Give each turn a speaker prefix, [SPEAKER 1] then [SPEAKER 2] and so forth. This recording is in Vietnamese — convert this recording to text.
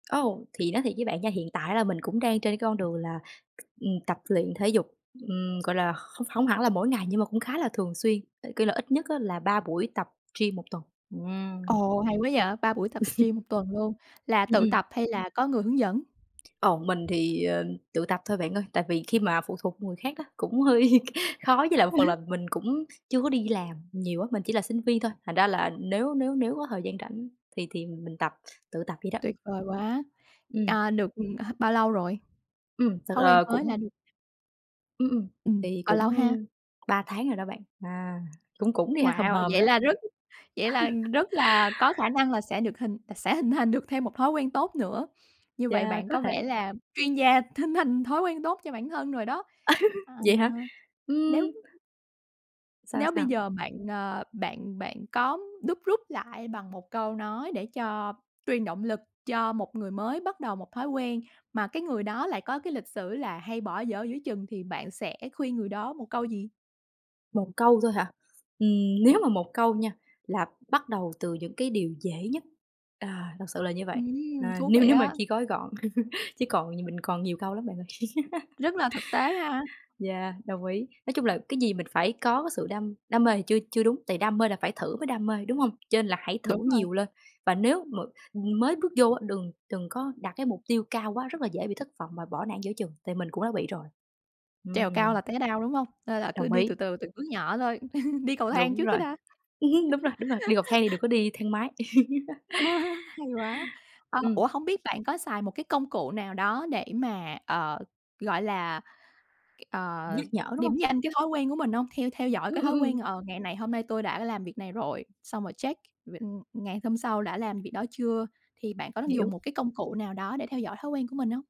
[SPEAKER 1] Ô, thì nói thiệt với bạn nha, hiện tại là mình cũng đang trên cái con đường là, ừm, tập luyện thể dục, ừm, gọi là, khô không hẳn là mỗi ngày nhưng mà cũng khá là thường xuyên, cái kiểu là, ít nhất á là 3 buổi tập gym 1 tuần, ừm.
[SPEAKER 2] Ồ, hay quá vậy, 3 buổi tập gym tuần luôn, là
[SPEAKER 1] Ừm,
[SPEAKER 2] tự
[SPEAKER 1] ừm.
[SPEAKER 2] tập hay là có người hướng dẫn?
[SPEAKER 1] Ồ, mình thì, ờ, tự tập thôi bạn ơi, tại vì khi mà phụ thuộc người khác á cũng hơi khó với lại một phần là mình cũng chưa có đi làm nhiều á, mình chỉ là sinh viên thôi, thành ra là nếu nếu nếu có thời gian rảnh thì thì mình tập tự tập vậy đó.
[SPEAKER 2] Tuyệt vời quá,
[SPEAKER 1] Ừm.
[SPEAKER 2] à, được, ừm, à, bao lâu rồi?
[SPEAKER 1] Ưm, thật,
[SPEAKER 2] Thói quen
[SPEAKER 1] à,
[SPEAKER 2] mới là
[SPEAKER 1] cũng
[SPEAKER 2] đ
[SPEAKER 1] Ưm, ưm,
[SPEAKER 2] Ừm,
[SPEAKER 1] tại vì
[SPEAKER 2] bao lâu
[SPEAKER 1] cũng
[SPEAKER 2] ha?
[SPEAKER 1] 3 tháng rồi đó bạn, à, cũng cũng đi ha, hòm
[SPEAKER 2] Wow!
[SPEAKER 1] hòm rồi
[SPEAKER 2] Vậy
[SPEAKER 1] đó.
[SPEAKER 2] là rất vậy là rất là có khả năng là sẽ được hình t sẽ hình thành được thêm một thói quen tốt nữa. Như vậy
[SPEAKER 1] Yeah,
[SPEAKER 2] bạn
[SPEAKER 1] có
[SPEAKER 2] có
[SPEAKER 1] thể.
[SPEAKER 2] vẻ là chuyên gia hình thành thói quen tốt cho bản thân rồi đó. Ờ,
[SPEAKER 1] Vậy hả?
[SPEAKER 2] nếu
[SPEAKER 1] Ưm. Sao,
[SPEAKER 2] Nếu bây
[SPEAKER 1] sao?
[SPEAKER 2] giờ bạn, ờ, bạn bạn có đúc rút lại bằng một câu nói để cho truyền động lực cho một người mới bắt đầu một thói quen, mà cái người đó lại có cái lịch sử là hay bỏ dở giữa chừng, thì bạn sẽ khuyên người đó một câu gì?
[SPEAKER 1] Một câu thôi hả? Ừm, nếu mà một câu nha, là bắt đầu từ những cái điều dễ nhất, à, thật sự là như vậy,
[SPEAKER 2] Ừm!
[SPEAKER 1] à,
[SPEAKER 2] Thú
[SPEAKER 1] nếu
[SPEAKER 2] vị
[SPEAKER 1] nếu mà
[SPEAKER 2] á.
[SPEAKER 1] chỉ gói gọn, chứ còn nh mình còn nhiều câu lắm bạn ơi.
[SPEAKER 2] Rất là thực tế ha!
[SPEAKER 1] Yeah, đồng ý. Nói chung là cái gì mình phải có cái sự đam đam mê thì chưa chưa đúng, tại đam mê là phải thử mới đam mê, đúng hông? Cho nên là hãy thử
[SPEAKER 2] Đúng rồi.
[SPEAKER 1] nhiều lên và nếu mà mới bước vô á, đừng đừng có đặt cái mục tiêu cao quá, rất là dễ bị thất vọng và bỏ nản giữa chừng, tại mình cũng đã bị rồi,
[SPEAKER 2] Trèo cao
[SPEAKER 1] ừm.
[SPEAKER 2] là té đau, đúng hông? Nên là cứ
[SPEAKER 1] Đồng
[SPEAKER 2] đi
[SPEAKER 1] ý.
[SPEAKER 2] từ từ từng bước nhỏ thôi, đi cầu thang
[SPEAKER 1] Đúng
[SPEAKER 2] trước cái
[SPEAKER 1] rồi,
[SPEAKER 2] đã.
[SPEAKER 1] ừm hứm, đúng rồi, đúng rồi, đi cầu thang thì đừng có đi thang máy.
[SPEAKER 2] Hay quá. Ờ
[SPEAKER 1] Ừm.
[SPEAKER 2] ủa, hông biết bạn có xài một cái công cụ nào đó để mà, ờ, gọi là, ờ,
[SPEAKER 1] Nhắc nhở, đúng hông?
[SPEAKER 2] điểm danh cái thói quen của mình hông? Theo theo dõi
[SPEAKER 1] Ưm,
[SPEAKER 2] cái thói
[SPEAKER 1] ưm,
[SPEAKER 2] quen,
[SPEAKER 1] ưm.
[SPEAKER 2] ờ, ngày này hôm nay tôi đã làm việc này rồi, xong rồi check v ừm, ngày hôm sau đã làm việc đó chưa, thì bạn có đang dùng
[SPEAKER 1] Hiểu.
[SPEAKER 2] một cái công cụ nào đó để theo dõi thói quen của mình hông?